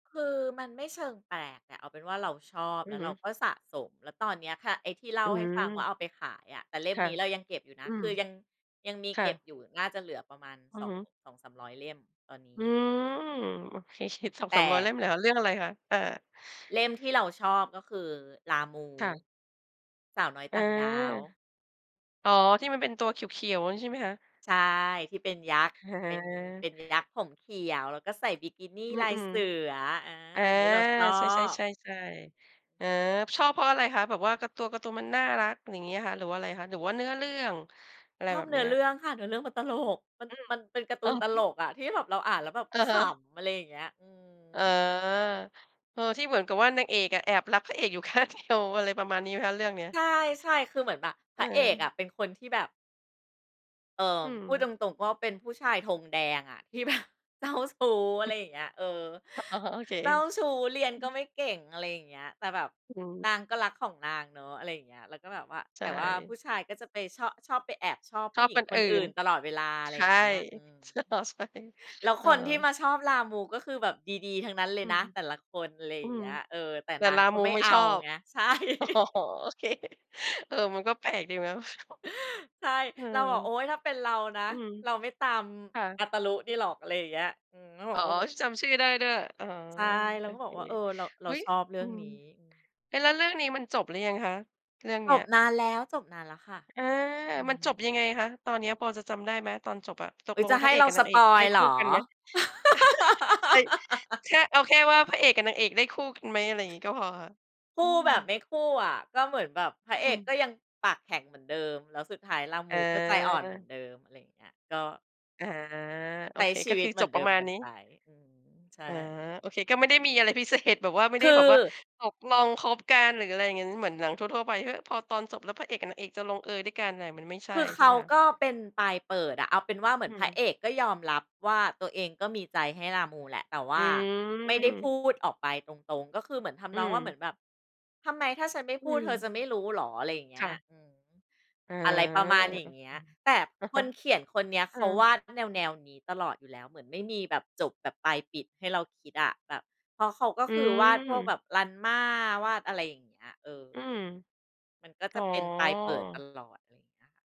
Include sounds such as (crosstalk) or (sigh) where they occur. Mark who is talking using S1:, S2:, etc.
S1: คือมันไม่เชิงแปลกอะ เอาเป็นว่าเราชอบ
S2: อื
S1: แล
S2: อ
S1: ้ว
S2: ฮึ
S1: เราก็สะสม แล้วตอนเนี้ยค่ะ ไอ้ที่เล่
S2: อ
S1: า
S2: ื
S1: ให้ฟังว่า
S2: ม
S1: เอาไปขายอะ แต่เล่ม
S2: ค่ะ
S1: นี้เรายังเก็บอยู่นะ
S2: อื
S1: ค
S2: ม
S1: ือยัง ยังมี
S2: ค่
S1: เก็บ
S2: ะ
S1: อยู่ น่าจะเหลือประมาณ
S2: อื
S1: ส
S2: อ
S1: อ
S2: ฮ
S1: ง
S2: ึ
S1: 200-300 เล่ม ตอนนี
S2: อ
S1: ้
S2: ืม โอเค เฉียด สอง
S1: แต
S2: สามร้อย เล่
S1: ่
S2: มเลยเหรอคะ เรื่องอะไรคะ? อา
S1: เล่มที่เราชอบก็คือ ลามู
S2: ค่ะ
S1: สาวน้อย
S2: อ
S1: ต
S2: า
S1: ่างดาว
S2: อ๋อ ที่มันเป็นตัวเขียว ๆ ใช่ไหมคะ?
S1: ใช่ ที่เป็นยักษ์
S2: อ
S1: เป็น เป
S2: า
S1: ็นยักษ์ผมเขียว แล้วก็ใส่บิกินี
S2: อื
S1: ลาย
S2: ม
S1: เสือ อา
S2: ๆ อา
S1: อันนี้เราชอ
S2: ใช
S1: บ
S2: ่ ๆ ๆ ๆ อา ชอบเพราะอะไรคะ? แบบว่าการ์ ตัวการ์ตูนมันน่ารัก อย่างงี้เหรอคะ หรือว่าไรคะ หรือว่าเนื้อเรื่อง? อะไร
S1: ชอ
S2: แบ
S1: บ
S2: บ
S1: เน
S2: เ
S1: ื้
S2: นี
S1: อ
S2: ้ย
S1: เรื่องค่ะ เนื้อเรื่องมันตลก มัน
S2: อืม
S1: มันเป็นการ์ตู
S2: อะ
S1: นต
S2: ฮ
S1: ล
S2: ะ
S1: กอะที่แบบเราอ่านแล้วแบบ
S2: อะ
S1: ข
S2: ฮะ
S1: ำ อะไรอย่างเงี้ย อื
S2: อ๋อ
S1: ม
S2: เออ ที่เหมือนกับว่านางเอกอะ แอบรักพระเอกอยู่ ข้างเดียว อะไรประมาณนี้ไหมคะเรื่องเนี้ย?
S1: ใช่ ใช่ คือเหมือนแบบพ
S2: อ
S1: ระเอกอะ
S2: า
S1: เป็นคนที่แบบ เอ่อ
S2: อื
S1: พูด
S2: ม
S1: ตรง ๆ ก็เป็นผู้ชายธงแดงอะ ที่แบบเจ้าชู้ อะ
S2: ฮ
S1: ไ
S2: ึ
S1: รอย่างเงี้ย เออ
S2: อ๋อ โอเค
S1: เจ้าชู้ เรียนก็ไม่เก่ง อะไรอย่างเงี้ย แต่แบบ
S2: อื
S1: น
S2: ม
S1: างก็รักของนางเนาะ อะไรอย่างเงี้ย แล้วก็แบบว่า
S2: ใ
S1: แ
S2: ช
S1: ต่ว่าผู
S2: ่
S1: ้ชายก็จะไปชอบ ชอบไปแอบชอบ
S2: ช
S1: ผู
S2: อ
S1: ้
S2: บ
S1: หญิ
S2: ค
S1: ง
S2: น
S1: ค
S2: อ
S1: น
S2: ื่
S1: อื
S2: น
S1: ่นตลอดเวลา อะไ
S2: ใ
S1: ร
S2: ช
S1: อย
S2: ่
S1: ่างเงี้ย อืม
S2: ช อ๋อ ใช่
S1: แล้ว
S2: เอ
S1: ค
S2: อ
S1: นที่มาชอบลามู ก็คือแบบดี ๆ ทั้งนั้นเล
S2: อ
S1: ย
S2: ื
S1: น
S2: ม
S1: ะ แต่ละคน อะไรอ
S2: อ
S1: ย
S2: ื
S1: ่าง
S2: ม
S1: เงี้ย เออ แต่
S2: แต่
S1: นา
S2: ล
S1: ง
S2: า
S1: ก็
S2: มู
S1: ไม่
S2: ไม่
S1: เอ
S2: ช
S1: า
S2: อบ
S1: ไง ใช่
S2: อ๋อ
S1: (laughs)
S2: โอเค เออ มันก็แปลกดีนะ
S1: ใช่
S2: อื
S1: เรา
S2: ม
S1: บอก โอ๊ย! ถ้าเป็นเรานะ
S2: อืม
S1: เราไม่ตาม
S2: ค่ะ
S1: อาตารุนี่หรอก อะไรอย่างเงี้ย อืม ก็บ
S2: อ
S1: อ
S2: ๋อ
S1: กว่าแบบ
S2: จำชื่อได้ด้วย อ๋อ
S1: ใช่ เร
S2: โ
S1: า
S2: อ
S1: ก็บ
S2: เค
S1: อกว่า เออ เรา เร
S2: เ
S1: า
S2: ฮ้ย
S1: ชอบเรื่
S2: อื
S1: อง
S2: ม
S1: นี้ อืม
S2: เอ๊ะ แล้วเรื่องนี้มันจบหรือยังคะ? เรื่อง
S1: จ
S2: เนี้
S1: บ
S2: ย
S1: นานแล้ว จบนานแล้วค่ะ
S2: อา
S1: อื
S2: มันจบ
S1: ม
S2: ยังไงคะ? ตอนเนี้ยพอจะจำได้ไหม? ตอนจบอะ ต
S1: อ
S2: ก
S1: ุ๊
S2: ล
S1: ย! จ
S2: ง
S1: ะใ
S2: พ
S1: ห
S2: ระ
S1: ้
S2: เอก
S1: เรา
S2: กับ
S1: ส
S2: นางเอ
S1: ป
S2: ก
S1: อ
S2: ได
S1: ย
S2: ้
S1: ล์เ
S2: ค
S1: หร
S2: ู่
S1: อ?
S2: กันไหม? (laughs)
S1: (laughs)
S2: ใช่ แค่ เอาแค่ว่า พระเอกกับนางเอกได้คู่กันไหม? อะไรอย่างงี้ก็พอค่ะ
S1: ค
S2: อื
S1: ู่แบบ
S2: ม
S1: ไม่คู่อะ ก็เหมือนแบบพระเอ
S2: อื
S1: กก็
S2: ม
S1: ยังปากแข็งเหมือนเดิม แล้วสุดท้ายลามูก็ใจอ่อนเหมือน
S2: อา
S1: เดิม อะไรอย่างเงี้ย ก็
S2: อา โอ
S1: ใช้
S2: เค
S1: ชี
S2: ก็
S1: ว
S2: ค
S1: ิต
S2: ือ
S1: เหม
S2: จ
S1: ือน
S2: บ
S1: เด
S2: ปร
S1: ิ
S2: ะ
S1: ม
S2: มา
S1: ก
S2: ณ
S1: ัน
S2: นี
S1: ไ
S2: ้
S1: ป อืม ใช
S2: อ๋อ
S1: ่
S2: โอเค ก็ไม่ได้มีอะไร พิเศษ แบบว่า ไม่
S1: ค
S2: ไ
S1: ื
S2: ด้
S1: อ
S2: แบบว่า ตกลงคบกัน หรืออะไรอย่างงั้น เหมือนหนังทั่ว ๆ ไป เฮ้ย พอตอนจบแล้ว พระเอกกับนางเอกจะลงเอยด้วยกันน่ะ มันไม่ใช
S1: ค
S2: ่
S1: ือ
S2: ใช
S1: เข
S2: ่ไห
S1: า
S2: มคะ?
S1: ก็เป็นปลายเปิดอะ เอาเป็นว่าเหมื
S2: อื
S1: อนพระ
S2: ม
S1: เอกก็ยอมรับว่า ตัวเองก็มีใจให้ลามูแหละ แต่ว
S2: อ
S1: ่
S2: ื
S1: าไม่ได้พ
S2: ม
S1: ูดออกไปตรง ๆ ก็คือ เหมือนท
S2: อื
S1: ำนอง
S2: ม
S1: ว่า เหมือนแบบ "ทำไม ถ้าฉันไม่
S2: อ
S1: พ
S2: ื
S1: ูดเธอ
S2: ม
S1: จะไม่รู้เหรอ" อะไรอย่างเง
S2: ค
S1: ี้
S2: ่
S1: ย
S2: ะ
S1: อืม
S2: อ๋อ
S1: อะไรประมาณอย่างเงี้
S2: อื
S1: ย
S2: อ
S1: แต่
S2: อะ
S1: ค
S2: ฮะ
S1: นเขียนคนเนี้ย
S2: อื
S1: เขาวา
S2: อ
S1: ดแนว ๆ นี้ตลอดอยู่แล้ว เหมือนไม่มีแบบจบแบบปลายปิดให้เราคิดอะ แบบ เพราะเขาก็
S2: อื
S1: คือ วาดพวกแ
S2: ม
S1: บบรันม่า วาดอะไรอย่างเงี้ย เออ
S2: อืม
S1: มันก็
S2: อ
S1: จ
S2: ๋อ
S1: ะเป็นปลายเปิดตลอด เงี้ยอะค่ะ